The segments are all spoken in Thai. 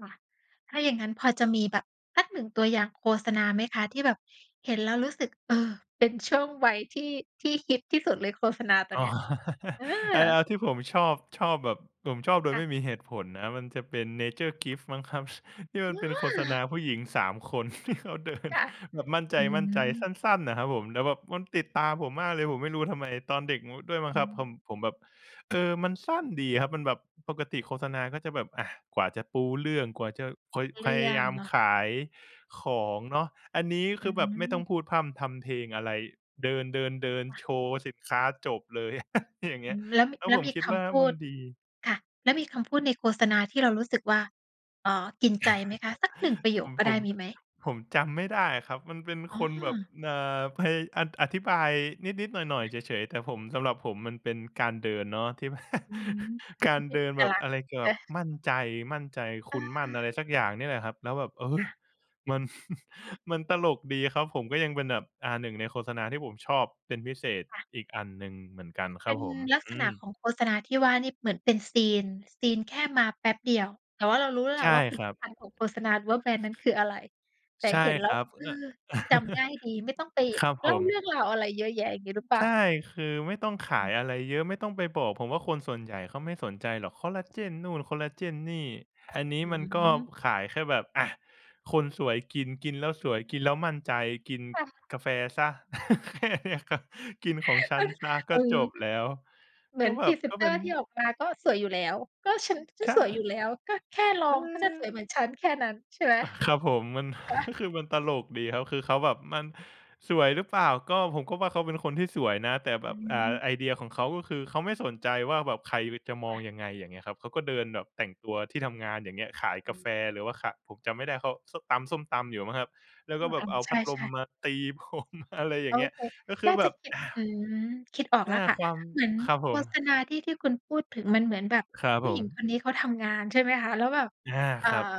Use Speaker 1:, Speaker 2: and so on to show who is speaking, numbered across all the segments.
Speaker 1: ค่ะ ถ้าอย่างงั้นพอจะมีแบบสัก 1 ตัวอย่างโฆษณาไหมคะ ที่แบบเห็นแล้วรู้สึก เอ่อ เป็นช่วงวัยที่ ที่ฮิตที่สุดเลยโฆษณาตอ
Speaker 2: อ
Speaker 1: น
Speaker 2: ๋
Speaker 1: เ
Speaker 2: อ
Speaker 1: นี้ย เออ?
Speaker 2: อา ๆ ที่ผมชอบ ชอบแบบ ผมชอบโด
Speaker 1: ค
Speaker 2: ย
Speaker 1: ่
Speaker 2: ไม
Speaker 1: ะ
Speaker 2: ่มีเหตุผลนะ มันจะเป็นเนเจอร์กิฟมั้งครับ ที่มัน
Speaker 1: อ
Speaker 2: เป็นโฆษณ
Speaker 1: า
Speaker 2: าผู้หญิง 3 คน ที่เขาเดิน
Speaker 1: ค่ะ
Speaker 2: แบบมั่นใ
Speaker 1: อื
Speaker 2: จ ๆ ส
Speaker 1: ม
Speaker 2: ั้น ๆ น่ะครับผม แล้วแบบมันติดตาผมมากเลย ผมไม่รู้ทำไม ตอนเด็ก ด ด้วยมั้
Speaker 1: อ
Speaker 2: ง
Speaker 1: ื
Speaker 2: ครับ ผ
Speaker 1: ม
Speaker 2: ม ผมแบบ เออ มันสั้นดีครับ มันแบบ ปกติโฆษณาก็จะแบบ อ่า กว่าจะปูเรื่อง กว่าจะ ค
Speaker 1: เ
Speaker 2: พ
Speaker 1: รื
Speaker 2: ย
Speaker 1: ่
Speaker 2: า
Speaker 1: อ
Speaker 2: ย
Speaker 1: ง
Speaker 2: าม
Speaker 1: เนาะ
Speaker 2: ขายของเนาะ อันนี้
Speaker 1: อ
Speaker 2: ค
Speaker 1: ื
Speaker 2: ือแบบไม่ต้อง
Speaker 1: ม
Speaker 2: พูดพร่ำทำเพลงอะไร เดิน
Speaker 1: ค่
Speaker 2: ๆ ๆ
Speaker 1: ะ
Speaker 2: โชว์สินค้า จบเลย อย่างเ
Speaker 1: อ
Speaker 2: งี้
Speaker 1: ื
Speaker 2: ย
Speaker 1: ม แล้ว
Speaker 2: แล้ว
Speaker 1: แล้
Speaker 2: ผ
Speaker 1: ว
Speaker 2: ม
Speaker 1: มี
Speaker 2: คิด
Speaker 1: ค
Speaker 2: ว่า
Speaker 1: ำพู
Speaker 2: มัน
Speaker 1: ด
Speaker 2: ดี
Speaker 1: ค่ะ แล้วมีคำพูดในโฆษณาที่เรารู้สึกว่า อ๋อ กินใจไหมคะ สัก 1 ประโย
Speaker 2: ผ
Speaker 1: ค
Speaker 2: ม
Speaker 1: ก็
Speaker 2: ผ
Speaker 1: ได้
Speaker 2: ม
Speaker 1: มีไหม?
Speaker 2: ผมจำไม่ได้ครับ มันเป็น
Speaker 1: อ๋
Speaker 2: คนแบบ
Speaker 1: อ
Speaker 2: อ่า ไป อ อธิบายนิด ๆ หน่อ
Speaker 1: ค
Speaker 2: ย
Speaker 1: ่
Speaker 2: ๆ
Speaker 1: ะ
Speaker 2: เฉย ๆ แต่ผม สำหรับผมมันเป็นการเดินเนาะ ที่ บ
Speaker 1: อืม
Speaker 2: ก
Speaker 1: ม
Speaker 2: า
Speaker 1: ั
Speaker 2: ร
Speaker 1: นเป็
Speaker 2: เ
Speaker 1: น
Speaker 2: ด
Speaker 1: เ
Speaker 2: ิ
Speaker 1: อ
Speaker 2: น
Speaker 1: ก
Speaker 2: แบ
Speaker 1: ล
Speaker 2: บ
Speaker 1: ักษ
Speaker 2: อ
Speaker 1: ณ
Speaker 2: ะ
Speaker 1: ์
Speaker 2: ไรเกี่ยวกับ
Speaker 1: ช
Speaker 2: มั่นใจ มั่นใจ
Speaker 1: เ
Speaker 2: คุณมั่นอะ
Speaker 1: ออ
Speaker 2: ไรสักอย่างเนี่ยแหละครับ แล้วแบบ เอ่อ
Speaker 1: ค่ะ
Speaker 2: มัน มันตลกดีครับผม ก็ยังเป็นแบบ อ่า 1 ในโฆษณา ที่ผมชอบเป็นพิเศษ
Speaker 1: ค่ะ
Speaker 2: อีกอันหนึ่งเหมือนกันค
Speaker 1: เป
Speaker 2: ร
Speaker 1: ็
Speaker 2: ับ
Speaker 1: น
Speaker 2: ผม
Speaker 1: ลัก
Speaker 2: อ
Speaker 1: ษ
Speaker 2: ื
Speaker 1: ณะข
Speaker 2: ม
Speaker 1: องโฆษณาที่ว่านี่เหมือนเป็นซีน ซีนแค่มาแป๊บเดียว แต่ว่าเรารู้แล้วแห
Speaker 2: ใ
Speaker 1: ล
Speaker 2: ช
Speaker 1: ะ
Speaker 2: ่
Speaker 1: ว่าผล
Speaker 2: ค
Speaker 1: ิ
Speaker 2: รั
Speaker 1: ต
Speaker 2: บ
Speaker 1: ภัณฑ์ของโฆษณา หรือว่าแบรนด์นั้นคืออะไร แต่
Speaker 2: ใช่
Speaker 1: เห็นแล
Speaker 2: ค
Speaker 1: ้
Speaker 2: ร
Speaker 1: ว
Speaker 2: ับ
Speaker 1: เออ
Speaker 2: อ
Speaker 1: จำง่ายดี ไม่ต้องไป
Speaker 2: ครับผ
Speaker 1: เล่าเรื
Speaker 2: ม
Speaker 1: ่องราวอะไรเยอะแยะ อย่างงี้หรือเปล่
Speaker 2: ใช
Speaker 1: า?
Speaker 2: ่ คือไม่ต้องขายอะไรเยอะ ไม่ต้องไปบอก ผมว่าคนส่วนใหญ่เขาไม่สนใจหรอก คอลลาเจนนู่น คอลลาเจนนี่ อันนี้
Speaker 1: อื
Speaker 2: มันก็
Speaker 1: ม
Speaker 2: ขายแค่แบบ อา คนสวยกิน กินแล้วสวย กินแล้วมั่นใจ กิน
Speaker 1: ค่ะ
Speaker 2: กาแฟเสีย แค่นี้ครับ กินของฉ
Speaker 1: เ
Speaker 2: ั
Speaker 1: ออ
Speaker 2: นเสียก
Speaker 1: อ
Speaker 2: ็
Speaker 1: ื
Speaker 2: จ
Speaker 1: อ
Speaker 2: บแล้ว
Speaker 1: เหมื
Speaker 2: ก
Speaker 1: อ
Speaker 2: ็
Speaker 1: น
Speaker 2: แบ
Speaker 1: พรี
Speaker 2: บ
Speaker 1: เซ
Speaker 2: ก
Speaker 1: น
Speaker 2: ็
Speaker 1: เต
Speaker 2: เป
Speaker 1: อ
Speaker 2: ็
Speaker 1: ร
Speaker 2: น
Speaker 1: ์ที่ออกมาก็สวยอยู่แล้ว ก็ฉัน ฉั
Speaker 2: ใช
Speaker 1: นสวยอยู
Speaker 2: ่
Speaker 1: ่แล้ว ก็แค่ลอ
Speaker 2: เ
Speaker 1: งก็จะส
Speaker 2: ออ
Speaker 1: วยเหมือนฉันแค่นั้น ใช่ไหม
Speaker 2: อ ครับผม มัน
Speaker 1: ฮะ?
Speaker 2: ก็คือมันตลกดีครับ คือเขาแบบมัน สวยหรือเปล่า ก็ผมก็ว่าเขาเป็นคนที่สวยนะ แต่แ
Speaker 1: อ
Speaker 2: บ
Speaker 1: ื
Speaker 2: บ อ่า
Speaker 1: ม
Speaker 2: ไอเดียของเขาก็คือ เขาไม่สนใจว่าแบบใคร บ จะม
Speaker 1: ค
Speaker 2: อ
Speaker 1: ่
Speaker 2: ง
Speaker 1: ะ
Speaker 2: ยังไง อย่างเงี้ยครับ เขาก็เดินแบบแต่งตัวที่ทำงาน อย่างเงี้ย ขาย
Speaker 1: อ
Speaker 2: กาแฟ
Speaker 1: ือ
Speaker 2: หรือว่า ข ผมจำไม่ได้เขา ส ตำส้มตำอยู่มั้งครับ แล้ว
Speaker 1: อื
Speaker 2: ก็
Speaker 1: ม
Speaker 2: แบ
Speaker 1: อ
Speaker 2: บ
Speaker 1: า
Speaker 2: เอา
Speaker 1: ใ
Speaker 2: พัดล
Speaker 1: ช
Speaker 2: ม
Speaker 1: ่ ๆ
Speaker 2: มาตี ผม อะไรอย
Speaker 1: โ
Speaker 2: ่า
Speaker 1: อ
Speaker 2: งเงี้ย
Speaker 1: เค
Speaker 2: ก็คื
Speaker 1: น
Speaker 2: อ
Speaker 1: ่า
Speaker 2: แ
Speaker 1: จ
Speaker 2: บ
Speaker 1: ะ
Speaker 2: บ
Speaker 1: คิด
Speaker 2: อ่า
Speaker 1: อืม คิดออก
Speaker 2: น
Speaker 1: แล
Speaker 2: ่
Speaker 1: ้
Speaker 2: า
Speaker 1: วค่ะ
Speaker 2: ความ
Speaker 1: เหมือน
Speaker 2: ครับ
Speaker 1: โ
Speaker 2: ผ
Speaker 1: ฆษ
Speaker 2: ม
Speaker 1: ณาที่ ที่คุณพูดถึงมันเหมือนแบบ
Speaker 2: ครับ
Speaker 1: ผู
Speaker 2: ผ
Speaker 1: ้หญิง
Speaker 2: ม
Speaker 1: คนนี้เขาทำงาน ใช่ไหมคะ แล้วแบบ
Speaker 2: อา
Speaker 1: เอ่อ
Speaker 2: ครับ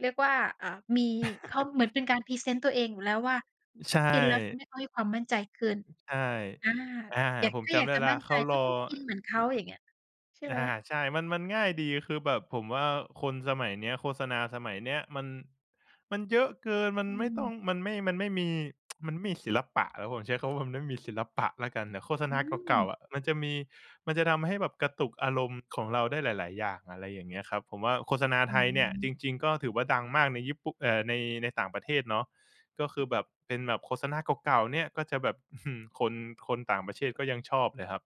Speaker 1: เรียกว่า เอ่อ มี เขา เหมือนเป็นการพรีเซนต์ตัวเองอยู่แล้วว่า
Speaker 2: อ ใช
Speaker 1: กินแล้วท
Speaker 2: ่
Speaker 1: ำให้เขามีความมั่นใจขึ้น
Speaker 2: ใช่
Speaker 1: อ่า
Speaker 2: อา
Speaker 1: อยาก
Speaker 2: ผ
Speaker 1: ถ
Speaker 2: ม
Speaker 1: ้า
Speaker 2: จ
Speaker 1: อยา
Speaker 2: ำไ
Speaker 1: ก
Speaker 2: ด้
Speaker 1: จะ
Speaker 2: แล้
Speaker 1: ม
Speaker 2: ว
Speaker 1: ั่น
Speaker 2: เข
Speaker 1: ใจ
Speaker 2: าร
Speaker 1: ก็
Speaker 2: อ อ
Speaker 1: ต้องกินเหมือนเขา อย่างเงี้ย ใช่
Speaker 2: อ
Speaker 1: ไหม?
Speaker 2: า ใช่ มัน มันง่ายดี คือแบบผมว่าคนสมัยเนี้ย โฆษณาสมัยเนี้ยมัน มันเยอะเกิน มัน
Speaker 1: อื
Speaker 2: ไม่ต้อง
Speaker 1: ม
Speaker 2: มันไม่ มันไม่มี มันไม่มีศิลปะแล้ว ผมใช้คำว่า มันไม่มีศิลปะแล้วกัน แต่โฆษ
Speaker 1: อื
Speaker 2: ณาเก่า ๆ
Speaker 1: ม
Speaker 2: อะ มันจะมี มันจะทำให้แบบกระตุกอารมณ์ของเราได้หลาย ๆ อย่าง อะไรอย่างเงี้ยครับ ผมว่าโฆษณา
Speaker 1: อ
Speaker 2: ไ
Speaker 1: ื
Speaker 2: ทยเนี่ย จ
Speaker 1: ม
Speaker 2: ริง ๆ ก็ถือว่าดังมากในญี่ปุ เอ่อ ใน ในต่างประเทศเนาะ ก็คือแบบเป็นแบบโฆษณาเก่า ๆ เนี่ย ก็จะแบบ อึ้อฮือ คน คนต่างประเทศก็ยังชอบเลยครับ